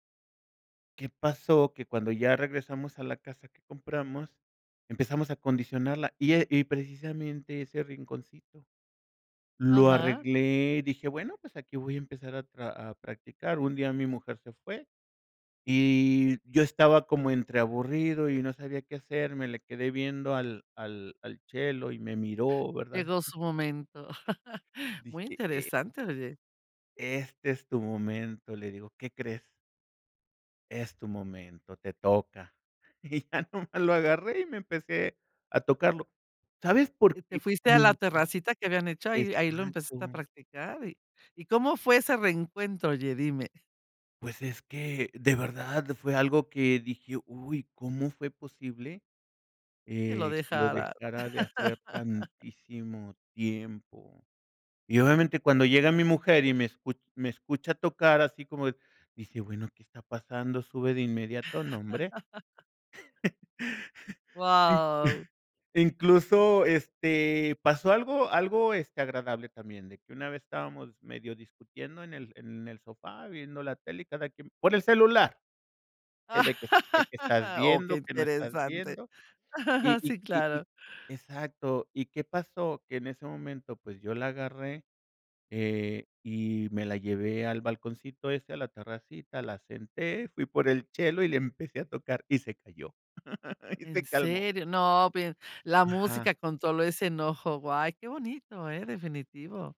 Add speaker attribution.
Speaker 1: ¿Qué pasó? Que cuando ya regresamos a la casa que compramos, empezamos a condicionarla y e y precisamente ese rinconcito lo
Speaker 2: Aja.
Speaker 1: arreglé, dije: "Bueno, pues aquí voy a empezar a a practicar, un día mi mujer se fue y yo estaba como entreaburrido y no sabía qué hacer, me le quedé viendo al al al chelo y me miró, ¿verdad?
Speaker 2: Llegó su momento. Muy
Speaker 1: Dije: "E"
Speaker 2: interesante oye.
Speaker 1: este es tu momento, le digo, ¿qué crees? Es tu momento, te toca, y ya nomás lo agarré y me empecé a tocarlo. ¿Sabes
Speaker 2: Y
Speaker 1: por
Speaker 2: te
Speaker 1: qué?
Speaker 2: fuiste a la terracita que habían
Speaker 1: [unintelligible]
Speaker 2: hecho, ahí ahí lo empezaste a
Speaker 1: Exacto.
Speaker 2: practicar, ¿y y cómo fue ese reencuentro, oye, dime?
Speaker 1: Pues es que de verdad fue algo que dije: "Uy, ¿cómo fue posible,
Speaker 2: Que lo
Speaker 1: eh que lo
Speaker 2: dejara.
Speaker 1: dejara de hacer tantísimo tiempo?" Y obviamente cuando llega mi mujer y me escu me escucha tocar así como de dice: "Bueno, ¿qué está pasando?" Sube de inmediato, ¿no, hombre?
Speaker 2: Wao.
Speaker 1: Incluso, este, pasó algo algo, este, agradable también, de que una vez estábamos medio discutiendo en el en el sofá viendo la tele y cada quien por el celular, de que de que estás
Speaker 2: Oh, qué
Speaker 1: viendo, que no estás
Speaker 2: interesante.
Speaker 1: viendo, y y
Speaker 2: Sí,
Speaker 1: y
Speaker 2: claro.
Speaker 1: y exacto, ¿y qué pasó? Que en ese momento, pues, yo la agarré, eh, y me la llevé al balconcito ese, a la terracita, la senté, fui por el chelo y le empecé a tocar y se calló, y
Speaker 2: ¿En
Speaker 1: se calmó.
Speaker 2: serio? No, ve la
Speaker 1: Ajá.
Speaker 2: música controló ese enojo. Guay, qué bonito, ¿eh? Definitivo.